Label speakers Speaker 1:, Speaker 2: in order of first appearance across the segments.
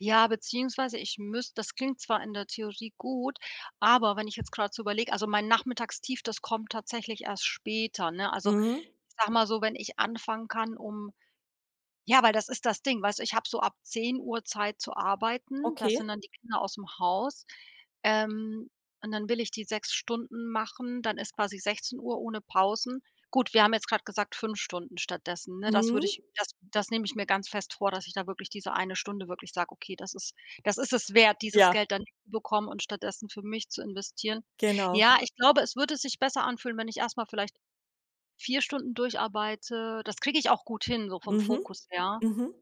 Speaker 1: Ja, beziehungsweise ich müsst das klingt zwar in der Theorie gut, aber wenn ich jetzt grad so überleg also mein Nachmittagstief, das kommt tatsächlich erst später, ne? Also,
Speaker 2: Mhm.
Speaker 1: ich sage mal so: Wenn ich anfangen kann, um ja, weil das ist das Ding, weißt du, ich hab so ab 10:00 Zeit zu arbeiten, da sind
Speaker 2: Okay.
Speaker 1: dann die Kinder ausm Haus, ähm, und dann will ich die 6 Stunden machen, dann ist quasi 16:00 ohne Pausen. Gut, wir haben jetzt grad gesagt 5 Stunden stattdessen, ne? Das würde
Speaker 2: Mhm.
Speaker 1: ich das das nehme ich mir ganz fest vor, dass ich da wirklich diese eine Stunde wirklich sage: „Okay, das ist das ist es wert, dieses
Speaker 2: Ja.
Speaker 1: Geld dann [unintelligible] bekommen und stattdessen für mich zu investieren.“
Speaker 2: Genau.
Speaker 1: Ja, ich glaube, es würde sich besser anfühlen, wenn ich erst mal vielleicht 4 Stunden durcharbeite. Das kriege ich auch gut hin, so vom
Speaker 2: Mhm.
Speaker 1: Fokus her,
Speaker 2: Mhm.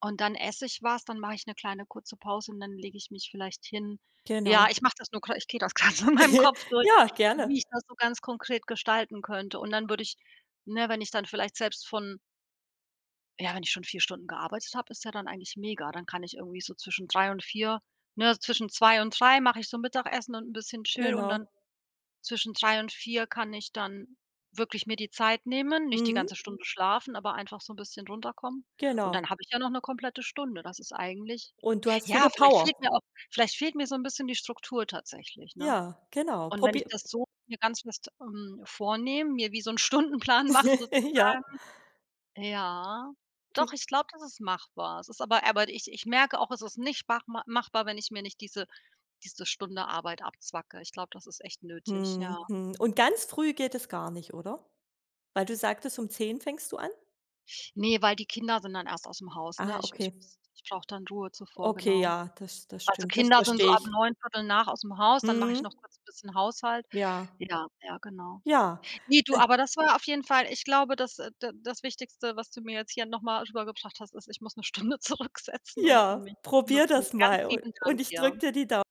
Speaker 1: und dann esse ich was, dann mache ich 'ne kleine kurze Pause und dann lege ich mich vielleicht hin. Ja,
Speaker 2: Genau.
Speaker 1: ich mache das nur gra ich gehe das grad so in meinem Kopf durch,
Speaker 2: Ja, gerne.
Speaker 1: wie ich das so ganz konkret gestalten könnte, und dann würde ich ne, wenn ich dann vielleicht selbst von ja, wenn ich schon 4 Stunden gearbeitet habe, ist ja dann eigentlich mega, dann kann ich irgendwie so zwischen 3:00 und 4:00 ne, zwischen 2:00 und 3:00 mache ich so Mittagessen und 'n bisschen chill und dann
Speaker 2: Genau.
Speaker 1: zwischen 3:00 und 4:00 kann ich dann wirklich mir die Zeit nehmen nicht die ganze
Speaker 2: Mhm.
Speaker 1: Stunde schlafen, aber einfach so 'n bisschen runterkommen. Und
Speaker 2: Genau.
Speaker 1: dann habe ich ja noch 'ne komplette Stunde, das ist eigentlich
Speaker 2: Und du hast
Speaker 1: ja,
Speaker 2: wieder
Speaker 1: vielleicht fehlt
Speaker 2: Power.
Speaker 1: mir auch vielleicht fehlt mir so 'n bisschen die Struktur tatsächlich, ne?
Speaker 2: Ja, genau.
Speaker 1: Und wenn
Speaker 2: Probier
Speaker 1: ich das so mir ganz fest, ähm, vornehme, mir wie so 'n Stundenplan mach
Speaker 2: Ja.
Speaker 1: sozusagen, ja. Doch,
Speaker 2: G
Speaker 1: ich glaube, das ist machbar. Es ist aber aber ich ich merke auch, es ist nicht machma machbar, wenn ich mir nicht diese diese Stunde Arbeit abzwacke. Ich glaube, das ist echt nötig, ja.
Speaker 2: Mhm, mhm. Und ganz früh geht es gar nicht, oder? Weil du sagtest, um 10 fängst du an?
Speaker 1: Ne, weil die Kinder sind dann erst aus'm Haus, ne?
Speaker 2: Ah,
Speaker 1: Ich ich
Speaker 2: okay.
Speaker 1: [unintelligible] ich brauche dann Ruhe zuvor,
Speaker 2: Okay,
Speaker 1: genau.
Speaker 2: ja, das das
Speaker 1: Also
Speaker 2: stimmt, das
Speaker 1: Kinder sind so
Speaker 2: verstehe
Speaker 1: ab
Speaker 2: ich.
Speaker 1: 9:00, 09:15 aus'm Haus, dann mach ich noch
Speaker 2: Mhm.
Speaker 1: kurz 'n bisschen Haushalt.
Speaker 2: Ja.
Speaker 1: Ja, ja genau.
Speaker 2: Ja.
Speaker 1: Ne, du, aber das war auf jeden Fall ich glaube, das äh, d das Wichtigste, was du mir jetzt hier noch mal rübergebracht hast, ist, ich muss 'ne Stunde zurücksetzen und für
Speaker 2: Ja,
Speaker 1: mich
Speaker 2: probier
Speaker 1: nutzen.
Speaker 2: das mal.
Speaker 1: Ganz
Speaker 2: U
Speaker 1: lieben Dank
Speaker 2: und ich
Speaker 1: dir.
Speaker 2: drücke dir die dau